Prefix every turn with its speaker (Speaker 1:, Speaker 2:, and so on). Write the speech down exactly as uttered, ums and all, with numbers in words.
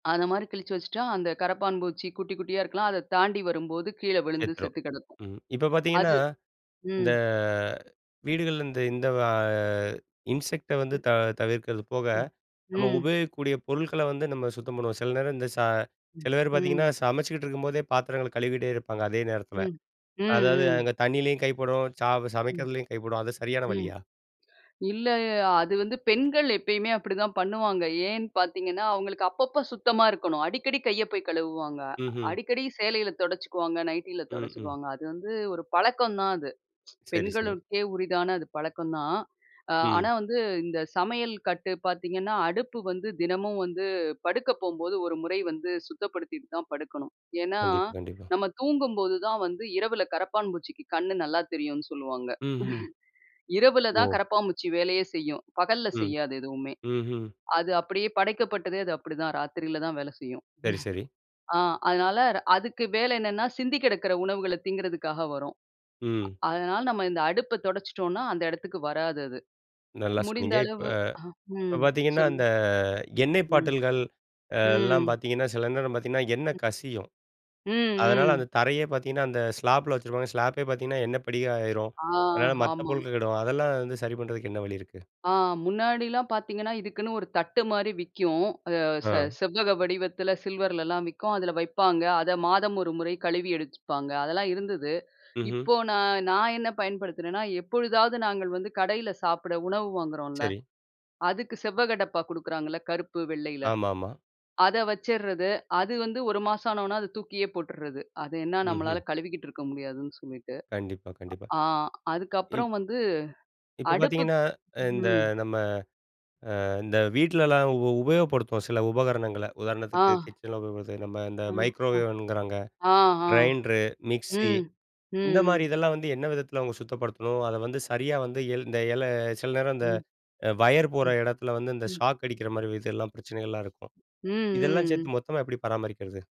Speaker 1: அந்த மாதிரி கிழிச்சு வச்சுட்டா அந்த கரப்பான் பூச்சி குட்டி குட்டியா இருக்கலாம். அத தாண்டி வரும்போது கீழ விழுந்து
Speaker 2: செத்துடும்.
Speaker 1: செத்து கிடக்கும்.
Speaker 2: ம் இப்ப
Speaker 1: அது
Speaker 2: பாத்தீங்கன்னா, இந்த
Speaker 1: ம்.
Speaker 2: வீடுகள்ல இந்த இந்த ஆ இன்செக்ட்ட வந்து
Speaker 1: ம்.
Speaker 2: த தவிர்க்கிறது போக,
Speaker 1: ம்.
Speaker 2: நம்ம
Speaker 1: ம்.
Speaker 2: உபயோகிக்கக்கூடிய பொருட்கள்ல வந்து நம்ம சுத்தம் பண்ணுவோம். சில நேரம் இந்த ச
Speaker 1: ம்,
Speaker 2: சில பேர் பாத்தீங்கன்னா
Speaker 1: ம்.
Speaker 2: சமச்சிட்டு இருக்கும்போதே பாத்திரங்கள்ல கழுவிகிட்டே இருப்பாங்க. அதே நேரத்தில,
Speaker 1: ம். ம்,
Speaker 2: அதாவது
Speaker 1: ம்.
Speaker 2: அங்க தண்ணீயிலயும் கைப்படும், சா
Speaker 1: ம்.
Speaker 2: சமைக்கிறதுலயும் கைப்படும், அது சரியான
Speaker 1: ம்.
Speaker 2: வழியா?
Speaker 1: இல்ல அது வந்து பெண்கள் எப்பயுமே அப்படிதான் பண்ணுவாங்க. ஏன் பாத்தீங்கன்னா, அவங்களுக்கு அப்பப்ப சுத்தமா இருக்கணும். அடிக்கடி கைய போய் கழுவுவாங்க
Speaker 2: ம்ஹும்
Speaker 1: அடிக்கடி சேலையில தொடச்சுக்குவாங்க, நைட்டியில
Speaker 2: ம். ம்.
Speaker 1: தொடச்சுக்குவாங்க. அது வந்து ஒரு பழக்கம் தான் அது.
Speaker 2: சரி சரி.
Speaker 1: பெண்களுக்கே உரிதான அது பழக்கம் தான். ஆனா,
Speaker 2: ம்.
Speaker 1: வந்து இந்த சமையல் கட்டு பாத்தீங்கன்னா, அடுப்பு வந்து தினமும் வந்து படுக்க போகும்போது ஒரு முறை வந்து சுத்தப்படுத்திட்டு தான் படுக்கணும். ஏனா,
Speaker 2: கண்டிப், கண்டிப்பா.
Speaker 1: நம்ம தூங்கும்போது தான் வந்து இரவுல கரப்பான் பூச்சிக்கு கண்ணு நல்லா தெரியும்னு சொல்லுவாங்க.
Speaker 2: ம்ஹும்.
Speaker 1: இரவுல தான்
Speaker 2: ஓ!
Speaker 1: கரப்பான்பூச்சி வேலையே செய்யும். பகல்ல
Speaker 2: ம்.
Speaker 1: செய்யாது. எதுவுமே,
Speaker 2: ம்ஹும்.
Speaker 1: அது அப்படியே படைக்கப்பட்டது அது அப்படிதான். ராத்திரியில தான் வேலை செய்யும்.
Speaker 2: சரி சரி.
Speaker 1: ஆ அதனால அதுக்கு வேலை என்னன்னா சிந்தி கெடக்கிற உணவுகள திங்கிறதுக்காக வரும்.
Speaker 2: ம்.
Speaker 1: அதனால நம்ம இந்த அடுப்ப தொடச்சிட்டோனா அந்த இடத்துக்கு வராது. அது
Speaker 2: நல்லா சொன்னீங்க.
Speaker 1: முடிந்தளவு
Speaker 2: இப்ப
Speaker 1: ம்
Speaker 2: பாத்தீங்கன்னா, அந்த
Speaker 1: சொல்லுங்க.
Speaker 2: எண்ணெய்
Speaker 1: ம்.
Speaker 2: பாட்டல்கள்லாம்
Speaker 1: ம்.
Speaker 2: பாத்தீங்கன்னா, சில நேரம் பாத்தீங்கன்னா, எண்ண கசியும். அதனால
Speaker 1: ம்.
Speaker 2: அந்த தரையே பாத்தீங்கன்னா, அந்த ஸ்லாப்பில வச்சுருப்பாங்க, ஸ்லாப்பே பாத்தீங்கன்னா, எண்ணெ படியா ஆயிறும்.
Speaker 1: ஆ,
Speaker 2: அதனால மத்த
Speaker 1: ஹாமா.
Speaker 2: பொருட்கள் கெடும். அதெல்லா வந்து சரி பண்றதுக்கு என்ன வழி இருக்கு?
Speaker 1: ஆ முன்னாடிலாம் பாத்தீங்கன்னா, இதுக்குன்னு ஒரு தட்டு மாரி விக்கும். ச ச
Speaker 2: ஆ.
Speaker 1: செவ்வக வடிவத்தில சில்வர்லலாம் விக்கும். அதில வைப்பாங்க. அதை மாதம் ஒரு முறை கழுவி எடுத்துப்பாங்க. அதெல்லாம் இருந்தது.
Speaker 2: ம்ஹூம்.
Speaker 1: இப்போ நான் நான் என்ன பயன்படுத்துனேன்னா, எப்பொழுதாவது நாங்க வந்து கடையில சாப்பிட உணவு வாங்குறோம்ல,
Speaker 2: சரி.
Speaker 1: அதுக்கு செவ்வகடப்பா குடுக்குறாங்கல்ல கருப்பு, வெள்ளையில
Speaker 2: ஆமாமா.
Speaker 1: அத வச்சிட்றது அது வந்து ஒரு மாசம் ஆன உடனே அத தூக்கியே போட்றது. அது என்ன நம்மளால
Speaker 2: ம்ஹும்.
Speaker 1: கழுவிகிட்டு இருக்க முடியாதுன்னு சொல்லிட்டு
Speaker 2: கண்டிப்பா, கண்டிப்பா.
Speaker 1: ஆ
Speaker 2: இப்
Speaker 1: அதுக்கப்புறம் வந்து
Speaker 2: இப்ப
Speaker 1: அடுப்புக்
Speaker 2: பாத்தீங்கன்னா, இந்த
Speaker 1: ம்,
Speaker 2: நம்ம அ இந்த வீட்லலாம் உ உபயோகப்படுத்துவோம் சில உபகரணங்கள்ல
Speaker 1: ஆ.
Speaker 2: உதாரணத்துக்கு கிச்சன்ல உபயோகப்படுத்து நம்ம இந்த
Speaker 1: ஆ
Speaker 2: மைக்ரோவேவ் ங்கிறாங்க,
Speaker 1: அ, ஆ.
Speaker 2: கிரைண்ட்ரு, மிக்ஸி
Speaker 1: ம்.
Speaker 2: இந்த மாதிரி
Speaker 1: ம்.
Speaker 2: இதெல்லாம் வந்து என்ன விதத்தில அவங்க சுத்தப்படுத்தணும்? அத வந்து சரியா வந்து இந்த இல் எல சில நேரம் இந்த
Speaker 1: ம்,
Speaker 2: அ வயர் போற
Speaker 1: ம்,
Speaker 2: எடத்துல வந்து இந்த
Speaker 1: ம்.
Speaker 2: ஷாக் அடிக்கிற மாதிரி இதெல்லாம் பிரச்சனைகள்லாம் இருக்கும்,
Speaker 1: ம்,
Speaker 2: இதெல்லாம்
Speaker 1: ம்.
Speaker 2: சேர்த்து மொத்தமா எப்படி பராமரிக்கிறது?